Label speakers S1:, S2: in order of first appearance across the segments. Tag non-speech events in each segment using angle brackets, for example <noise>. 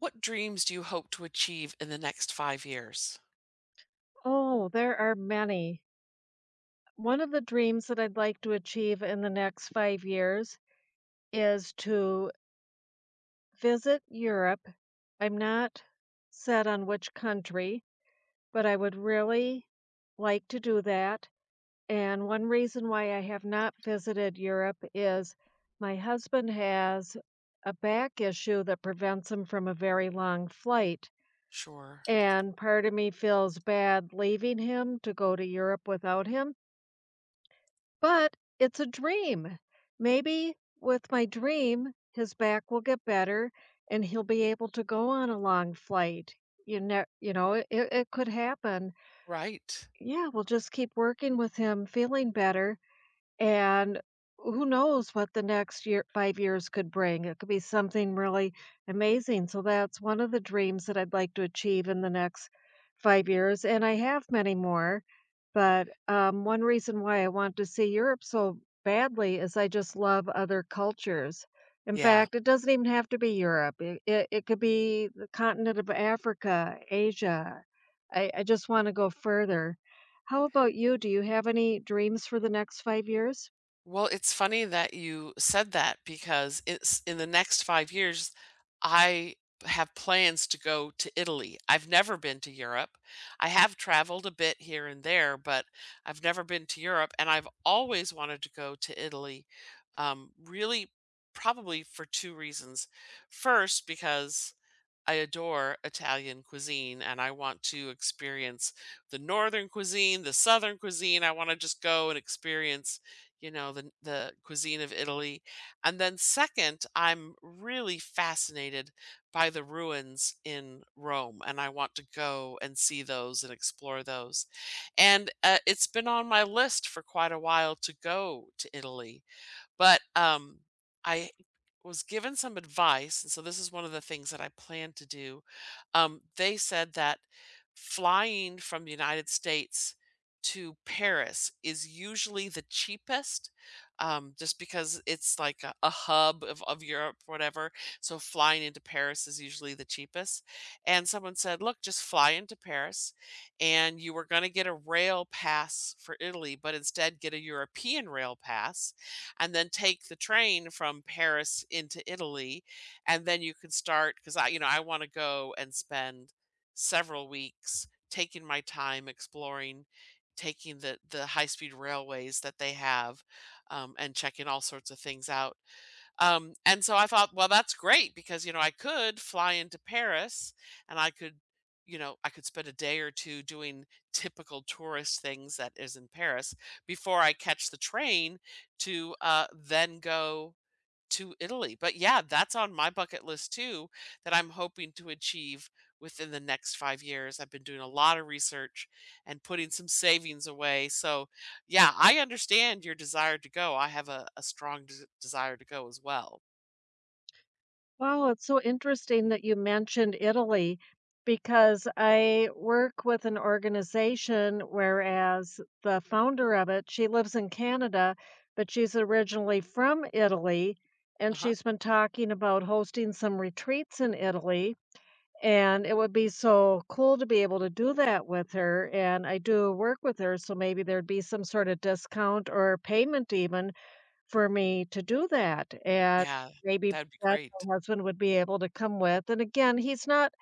S1: What dreams do you hope to achieve in the next 5 years?
S2: Oh, there are many. One of the dreams that I'd like to achieve in the next 5 years is to visit Europe. I'm not set on which country, but I would really like to do that, and, 1 reason why I have not visited Europe is my husband has a back issue that prevents him from a very long flight.
S1: Sure.
S2: And part of me feels bad leaving him to go to Europe without him but it's a dream! Maybe with my dream, his back will get better, and he'll be able to go on a long flight. You ne you know, it it could happen.
S1: Right.
S2: Yeah, we'll just keep working with him feeling better, and w who knows what the next year 5 years could bring, it could be something really amazing. So, that's one of the dreams that I'd like to achieve in the next 5 years. And I have many more, but, um, one reason why I want to see Europe so badly is I just love other cultures. In
S1: Yeah.
S2: fact, it doesn't even have to be Europe. Eh, it it could be the continent of Africa, Asia. I I just wanna go further. How about you? Do you have any dreams for the next 5 years?
S1: Well, it's funny that you said that because it's in the next 5 years, I have plans to go to Italy. I've never been to Europe, I have traveled a bit here and there, but I've never been to Europe, and I've always wanted to go to Italy, um, really probably for 2 reasons. First, because I adore Italian cuisine, and I want to experience the northern cuisine, the southern cuisine, I wanna just go and experience, you know, the n the cuisine of Italy. And then second, I'm really fascinated by the ruins in Rome, and I want to go and see those and explore those. And, uh, it's been on my list for quite a while to go to Italy. But, um, I was given some advice, and so this is one of the things that I plan to do, um, they said that flying from the United States to Paris is usually the cheapest, um, just because it's like a a hub of of Europe, whatever, so, flying into Paris is usually the cheapest. And someone said, "Look, just fly into Paris, and you were gonna get a rail pass for Italy, but instead get a European rail pass, and then take the train from Paris into Italy, and then you can start" 'Cause I you know, I wanna go and spend several weeks taking my time exploring, taking the the high-speed railways that they have, um, and checking all sorts of things out. Um, and so I thought, "Well, that's great," because, you know, I could fly into Paris, and I could, you know, I could spend a day or 2 doing typical tourist things that is in Paris before I catch the train to, uh then go to Italy. But yeah, that's on my bucket list too, that I'm hoping to achieve within the next 5 years. I've been doing a lotta research and putting some savings away so, yeah, I understand your desire to go, I have a a strong des desire to go as well.
S2: Wow, it's so interesting that you mentioned Italy because I work with an organization whereas the founder of it, she lives in Canada, but she's originally from Italy, and
S1: Uh-huh.
S2: she's been talking about hosting some retreats in Italy, and it would be so cool to be able to do that with her, and I do work with her, so maybe there'd be some sorta discount or payment even for me to do that. And
S1: Yeah.
S2: maybe <unintelligible>
S1: That'd be
S2: my
S1: great.
S2: husband would be able to come with. And again, he's not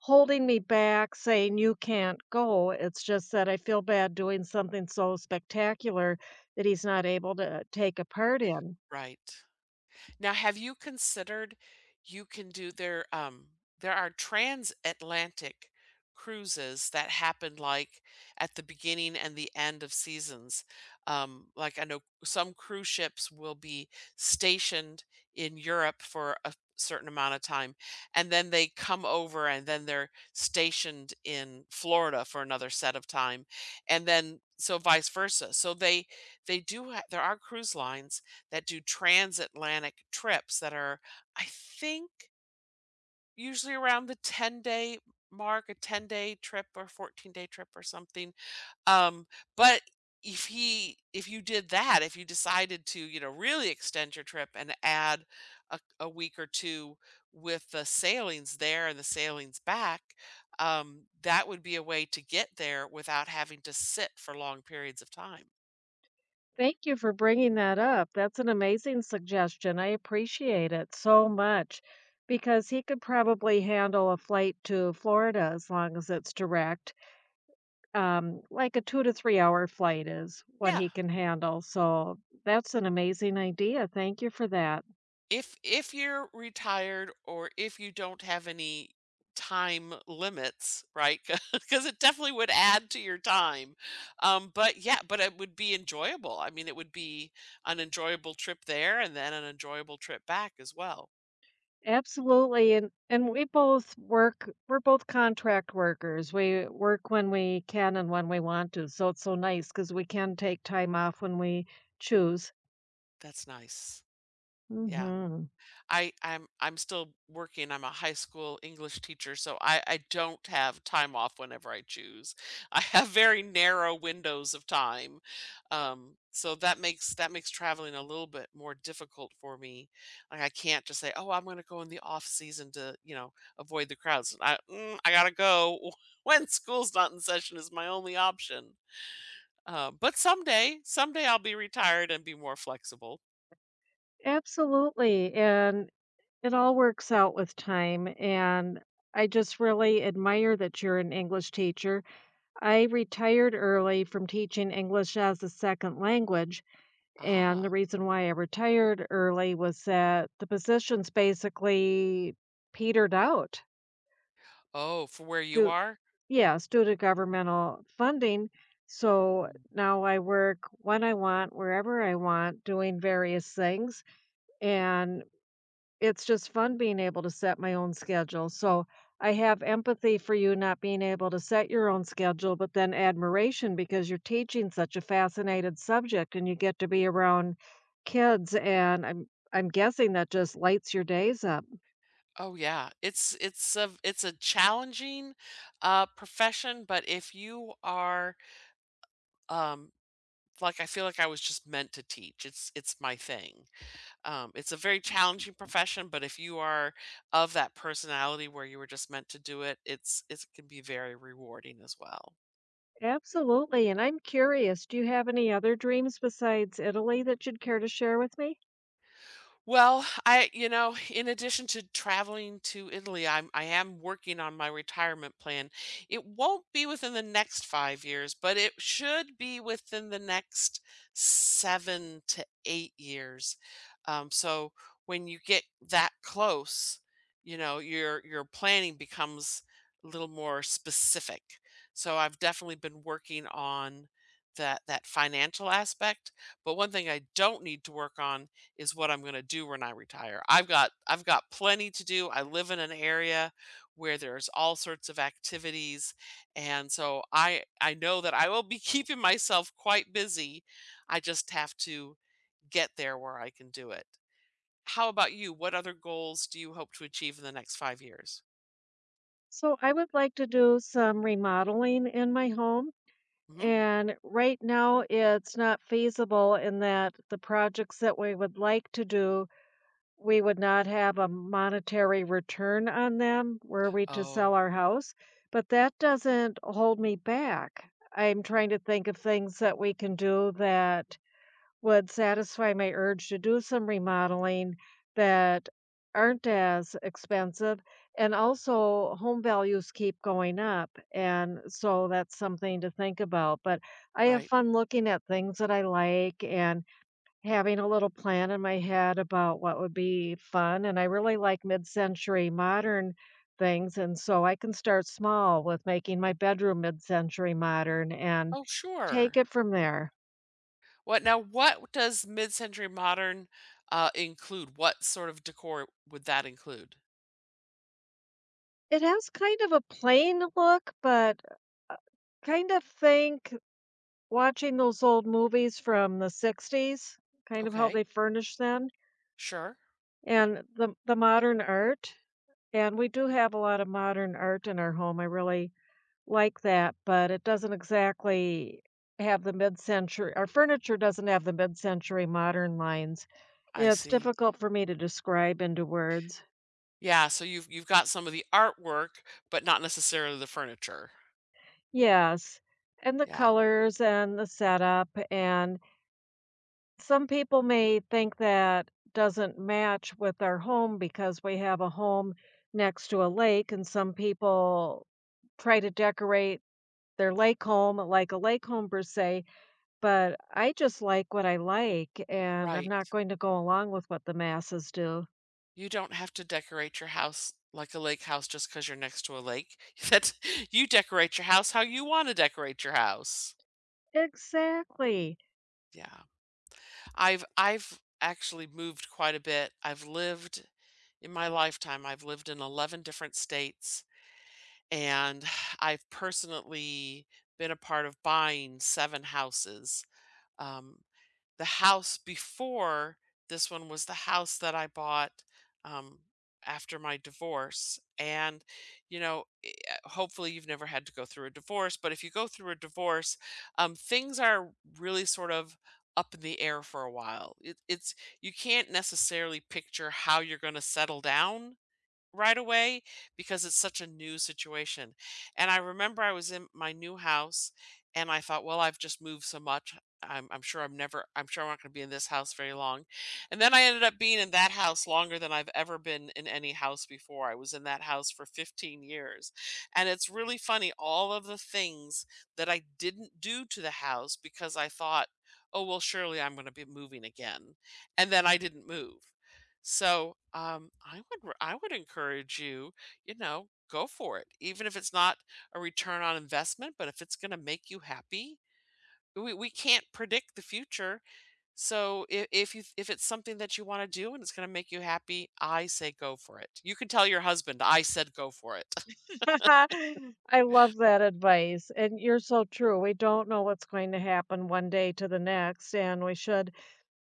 S2: holding me back saying, "You can't go." It's just that I feel bad doing something so spectacular that he's not able to, uh, take a part in.
S1: Right. Now, have you considered you can do their, um there are transatlantic cruises that happen, like, at the beginning and the end of seasons. Um, like I know some cruise ships will be stationed in Europe for a certain amount of time, and then they come over, and then they're stationed in Florida for another set of time, and then, so vice versa, so they they do ha there are cruise lines that do transatlantic trips that are, I think Usually around the ten-day mark, a ten-day trip or fourteen-day trip or something. Um, but if he if you did that, if you decided to, you know, really extend your trip and add a a week or 2 with the sailings there and the sailings back, um, that would be a way to get there without having to sit for long periods of time.
S2: Thank you for bringing that up. That's an amazing suggestion. I appreciate it so much because he could probably handle a flight to Florida as long as it's direct. Um, like a 2 to three-hour flight is what
S1: Yeah.
S2: he can handle. So that's an amazing idea. Thank you for that.
S1: If if you're retired or if you don't have any time limits, right? 'Cau 'cause it definitely would add to your time. Um, but yeah, but it would be enjoyable. I mean, it would be an enjoyable trip there and then an enjoyable trip back as well.
S2: Absolutely. And and we both work we're both contract workers. We work when we can and when we want to. So it's so nice 'cause we can take time off when we choose.
S1: That's nice, yeah.
S2: Mhm.
S1: I I'm I'm still working, I'm a high school English teacher, so, I I don't have time off whenever I choose. I have very narrow windows of time. Um, so, that makes, that makes traveling a little bit more difficult for me. Like, I can't just say, "Oh, I'm gonna go in the off-season to, you know, avoid the crowds." I, mm, I gotta go when school's not in session is my only option. Uh, but someday, someday I'll be retired and be more flexible.
S2: Absolutely, and it all works out with time, and I just really admire that you're an English teacher. I retired early from teaching English as a 2nd language, and
S1: Ah.
S2: the reason why I retired early was that the positions basically petered out.
S1: Oh, from where you
S2: Due
S1: are?
S2: Yes, due to governmental uh, funding. So,
S1: Mm.
S2: now I work when I want, wherever I want, doing various things, and it's just fun being able to set my own schedule so, I have empathy for you not being able to set your own schedule, but then admiration because you're teaching such a fascinated subject, and you get to be around kids, and I'm I'm guessing that just lights your days up.
S1: Oh yeah. It's it's a v it's a challenging, uh, profession, but if you are, um, like, I feel like I was just meant to teach it's it's my thing. Um, it's a very challenging profession, but if you are of that personality where you were just meant to do it it's, it can be very rewarding as well.
S2: Absolutely, and I'm curious, do you have any other dreams besides Italy that you'd care to share with me?
S1: Well, I you know, in addition to traveling to Italy, I'm I am working on my retirement plan. It won't be within the next 5 years, but it should be within the next 7 to 8 years. Um, so when you get that close, you know, your your planning becomes a little more specific. So I've definitely been working on that that financial aspect. But 1 thing I don't need to work on is what I'm gonna do when I retire. I've got I've got plenty to do. I live in an area where there's all sorts of activities, and so I I know that I will be keeping myself quite busy. I just have to get there where I can do it. How about you? What other goals do you hope to achieve in the next 5 years?
S2: So I would like to do some remodeling in my home,
S1: Mhm.
S2: and right now it's not feasible in that the projects that we would like to do, we would not have a monetary return on them were we to sell
S1: Oh.
S2: our house, but that doesn't hold me back. I'm trying to think of things that we can do that would satisfy my urge to do some remodeling that aren't as expensive. And also home values keep going up, and so that's something to think about. But I have
S1: Right.
S2: fun looking at things that I like and having a little plan in my head about what would be fun. And I really like mid-century modern things, and so I can start small with making my bedroom mid-century modern and
S1: Oh,
S2: take
S1: sure.
S2: it from there.
S1: What now, what does mid-century modern, uh, include? What sort of decor would that include?
S2: It has kind of a plain look, but, u uh, kinda think, watching those old movies from the '60s, kind of how
S1: Okay.
S2: they furnished then.
S1: Sure.
S2: And the the modern art And we do have a lotta modern art in our home. I really like that, but it doesn't exactly have the mid-centur our furniture doesn't have the mid-century modern lines.
S1: I
S2: It's
S1: see.
S2: difficult for me to describe into words.
S1: Yeah, so you've, you've got some of the artwork, but not necessarily the furniture.
S2: Yes, and the
S1: Yeah.
S2: colors and the setup, and Some people may think that doesn't match with our home because we have a home next to a lake, and some people try to decorate their lake home like a lake home per se, but I just like what I, like, and I'm
S1: Right.
S2: not going to go along with what the masses do.
S1: You don't have to decorate your house like a lake house just 'cause you're next to a lake. That's you decorate your house how you wanna decorate your house.
S2: Exactly.
S1: Yeah. I've I've actually moved quite a bit. I've lived, in my lifetime, I've lived in 11 different states, and I've personally been a part of buying 7 houses. Um, the house before this one was the house that I bought, um, after my divorce. And, you know, e uh, hopefully you've never had to go through a divorce, but if you go through a divorce, um, things are really sort of up in the air for a while. It it's, you can't necessarily picture how you're gonna settle down right away because it's such a new situation. And I remember I was in my new house and I thought, "Well, I've just moved so much, I'm I'm sure I'm never, I'm sure I'm not gonna be in this house very long." And then I ended up being in that house longer than I've ever been in any house before. I was in that house for 15 years. And it's really funny, all of the things that I didn't do to the house because I thought, "Oh, well surely I'm gonna be moving again," and then I didn't move. So, um, I would r I would encourage you, you know, go for it. Even if it's not a return on investment, but if it's gonna make you happy. We we can't predict the future, so I if you, if it's something that you wanna do and it's gonna make you happy, I say go for it. You can tell your husband I said go for it. <laughs>
S2: <laughs> I love that advice. And you're so true. We don't know what's going to happen one day to the next, and we should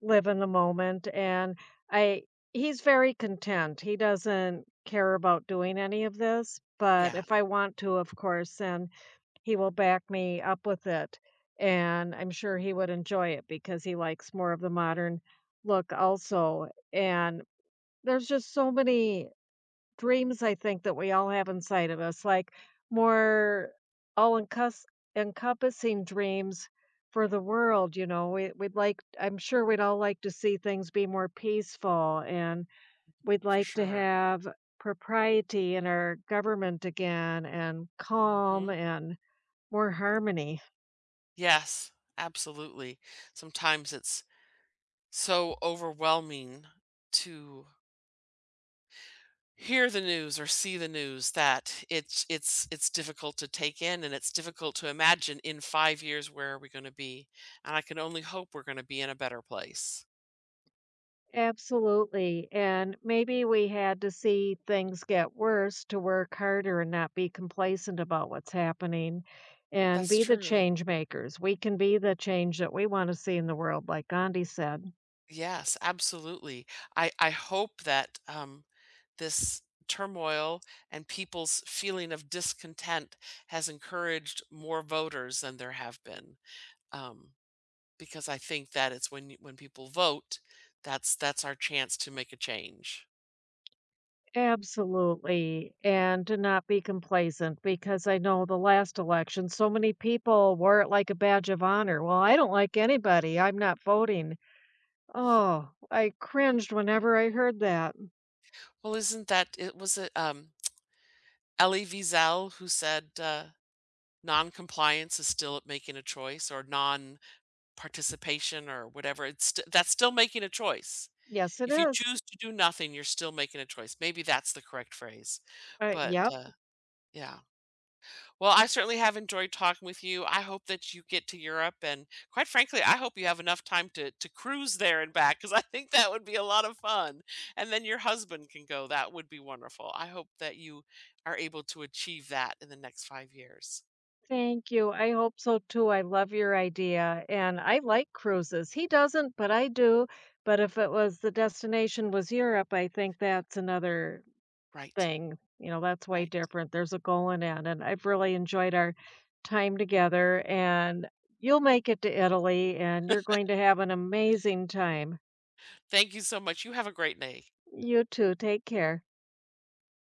S2: live in the moment. And I he's very content. He doesn't care about doing any of this. But
S1: Yeah.
S2: if I want to, of course, then he will back me up with it. And I'm sure he would enjoy it because he likes more of the modern look also. And there's just so many dreams I think that we all have inside of us, like more all-encus encompassing dreams for the world, you know? We, we'd like I'm sure we'd all like to see things be more peaceful, and we'd
S1: For
S2: like to
S1: sure.
S2: have propriety in our government again, and calm
S1: Mhm.
S2: and more harmony.
S1: Yes. Absolutely. Sometimes it's so overwhelming to hear the news or see the news that it's it's it's difficult to take in and it's difficult to imagine in 5 years where are we gonna be, and I can only hope we're gonna be in a better place.
S2: Absolutely, and maybe we had to see things get worse to work harder and not be complacent about what's happening and
S1: That's
S2: be the
S1: true.
S2: change makers. We can be the change that we want to see in the world, like Gandhi said.
S1: Yes, absolutely. I I hope that, um, this turmoil and people's feeling of discontent has encouraged more voters than there have been, um, because I think that it's when you when people vote, that's that's our chance to make a change.
S2: Absolutely, and to not be complacent because I know the last election so many people wore it like a badge of honor. "Well, I don't like anybody. I'm not voting." Oh, I cringed whenever I heard that.
S1: Well, isn't that it was, uh, um, Elie Wiesel who said, uh, "Non-compliance is still making a choice," or "Non-participation," or whatever. It's st that's still making a choice.
S2: Yes, it
S1: If you
S2: is.
S1: choose to do nothing, you're still making a choice. Maybe that's the correct phrase.
S2: Uh,
S1: But,
S2: yep.
S1: uh, yeah. Well, I certainly have enjoyed talking with you. I hope that you get to Europe, and quite frankly, I hope you have enough time to to cruise there and back 'cause I think that would be a lotta fun, and then your husband can go. That would be wonderful, I hope that you are able to achieve that in the next 5 years.
S2: Thank you, I hope so too. I love your idea, and I like cruises. He doesn't, but I do. But if it was the destination was Europe, I think that's another
S1: Right.
S2: thing, you know, that's way
S1: Right.
S2: different. There's a goal in that, and I've really enjoyed our time together, and you'll make it to Italy, and you're going
S1: <laughs>
S2: to have an amazing time.
S1: Thank you so much. You have a great day.
S2: You too. Take care.